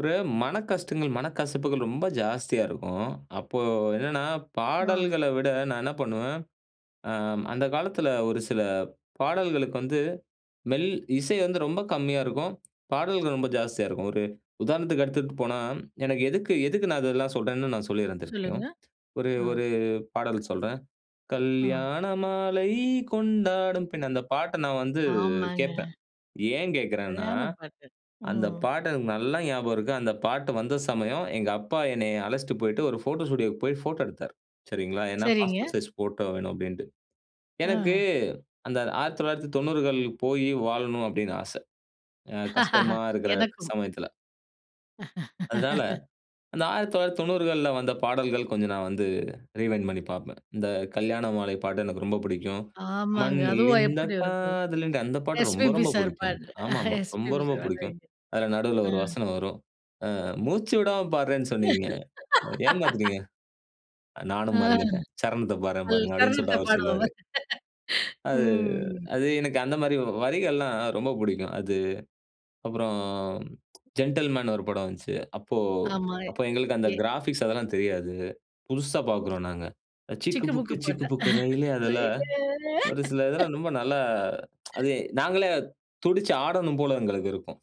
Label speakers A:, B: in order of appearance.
A: ஒரு மனக்கஷ்டங்கள், மனக்கசப்புகள் ரொம்ப ஜாஸ்தியா இருக்கும். அப்போ என்னன்னா
B: ஆ.
A: பாடல்கள்ல விட நான் என்ன பண்ணுவேன், அம். அந்த காலத்தில ஒரு சில பாடல்களுக்கு வந்து மெல் இசை வந்து ரொம்ப கம்மியா இருக்கும். பாடல்கள் ரொம்ப ஜாஸ்தியா இருக்கும். ஒரு உதாரணத்துக்கு எடுத்துட்டு போனா, எனக்கு எதுக்கு எதுக்கு நான் இதெல்லாம் சொல்றேன்னு நான் சொல்லிருறேன் திருப்பியும்.
B: சொல்லுங்க.
A: ஒரு
B: ஆ.
A: ஒரு பாடல் சொல்றேன்.
B: அ.
A: கல்யாண மாலை கொண்டாடும் பெண் அந்த பாட்ட நான் வந்து
B: ஆமாங்க.
A: கேட்பேன். ஏன் கேட்கிறேன்னா,
B: சரியான பாட்டு!
A: அந்த
B: ம்.
A: பாட்டு எனக்கு நல்லா ஞாபகம் இருக்கு. அந்த பாட்டு வந்த சமயம் எங்க அப்பா என்னைய அழச்சிட்டு போயிட்டு ஒரு போட்டோ ஸ்டுடியோவுக்கு போய் போட்டோ எடுத்தார். சரிங்களா, ஏன்னா
B: சரிங்க.
A: பாஸ்போர்ட் சைஸ் போட்டோ வேணும் அப்படின்ட்டு. எனக்கு
B: ஆ.
A: அந்த 1990கள் போயி வாழணும்னு அப்படின்னு ஆச. அ கஷ்டமா இருக்கிற
B: எனக்கும்.
A: சமயத்தில. அதனால, அந்த 1990கள்ல வந்த பாடல்கள் கொஞ்சம் நான் வந்து ரீவைண்ட் பண்ணி பாப்பேன். இந்த கல்யாண மாலை பாட்டு எனக்கு ரொம்ப புடிக்கும்.
B: ஆமாங்க.
A: மண்ணில்
B: அதுவா
A: இந்த
B: எப்படி இருக்கும்.
A: காதல் இன்றி அந்த பாட்டு ரொம்ப
B: எஸ்பிபி
A: ரொம்ப
B: சார்
A: புடிக்கும்
B: பாட்.
A: எனக்கு. ஆமாமா, ரொம்ப
B: எஸ்பிபி
A: ரொம்ப
B: சார்
A: புடிக்கும்.
B: [unintelligible]
A: அதில நடுவுல ஒரு
B: ம்.
A: வசனம் வரும். "அ மூச்சு விடாம பாடுறேன்னு சொன்னிங்க, ஏமாத்துறீங்க.
B: அ.
A: நானும் மறந்துட்டேன். சரணத்தை பாடுறேன்
B: பல்
A: பாருங்க," அப்படின்னு
B: தருணத்த
A: சொல்லிட்டு அவரு சொல்லுவாரு.
B: பாடுபவர்.
A: அது
B: ம்.
A: அது எனக்கு அந்த மாரி வரிகள்லாம் ரொம்ப புடிக்கும். அது அப்புறம் ஜென்டில்மேன் ஒரு படம் வந்துச்சு. அப்போ
B: ஆமா.
A: அப்போ எங்களுக்கு அந்த
B: எ.
A: கிராஃபிக்ஸ் அதெல்லாம் தெரியாது. புதுசா பாக்குறோம் நாங்க. சிக்கு
B: சிக்கு
A: புக்கு
B: புக்கு
A: சிக்கு
B: பாட்டா?
A: புக்கு ரெயிலே அதில ஒரு
B: ரெயிலே
A: சில இதெல்லாம் ரொம்ப நல்லா அது நாங்களே துடிச்சு ஆடணும் போல எங்களுக்கு இருக்கும்.